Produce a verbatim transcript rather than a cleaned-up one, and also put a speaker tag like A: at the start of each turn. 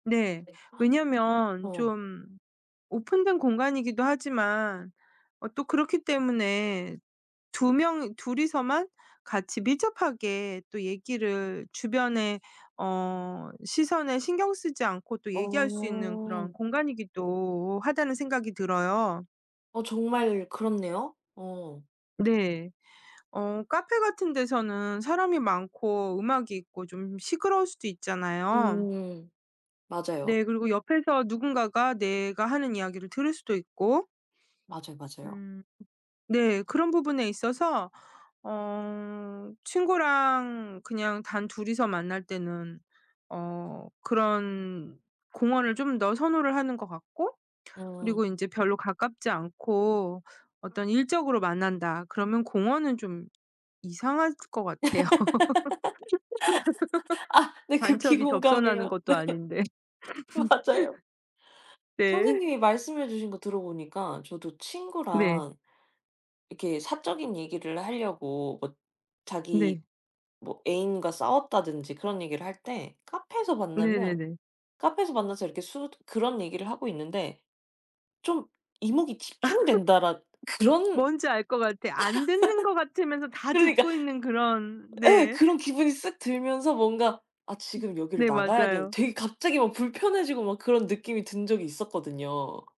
A: 네.
B: 네.
A: 왜냐하면
B: 어.
A: 좀 오픈된 공간이기도 하지만 어 또 그렇기 때문에 두 명이 둘이서만 같이 밀접하게 또 얘기를 주변의 어 시선에 신경 쓰지 않고 또 얘기할 수 있는 그런
B: 어.
A: 공간이기도 하다는 생각이 들어요.
B: 어 정말 그렇네요. 어.
A: 네. 어 카페 같은 데서는 사람이 많고 음악이 있고 좀 시끄러울 수도 있잖아요.
B: 음. 맞아요.
A: 네. 그리고 옆에서 누군가가 내가 하는 이야기를 들을 수도 있고
B: 맞아요, 맞아요.
A: 음. 네 그런 부분에 있어서 어 친구랑 그냥 단둘이서 만날 때는 어 그런 공원을 좀 더 선호를 하는 것 같고
B: 음.
A: 그리고 인제 별로 가깝지 않고 어떤 일적으로 만난다 그러면 공원은 좀 이상할 것
B: 아
A: 같아요.
B: 네. 극히
A: 간첩이 접선하는
B: 공감해요.
A: 것도 아닌데.
B: 네. 맞아요.
A: 네.
B: 선생님이 말씀해 주신 거 들어 보니까 저도
A: 네.
B: 친구랑 이렇게 사적인 얘기를 하려고 엇 뭐 자기
A: 네.
B: 뭐 애인과 싸웠다든지 그런 얘기를 할 때 카페에서 만나면
A: 네네네.
B: 카페에서 만나서 이렇게 숟 그런 얘기를 하고 있는데 좀 이목이
A: 아
B: 집중된다랏 그런
A: 뭔지 알 것 같아. 안 듣는 것 같으면서 다
B: 그러니까
A: 듣고 있는 그런
B: 예.
A: 네.
B: 그런 기분이 쓱 들면서 뭔가 아
A: 음
B: 지금 여기를
A: 네.
B: 나가야 된
A: 맞아요.
B: 되게 갑자기 막 불편해지고 막 그런 느낌이 든 적이 있었거든요.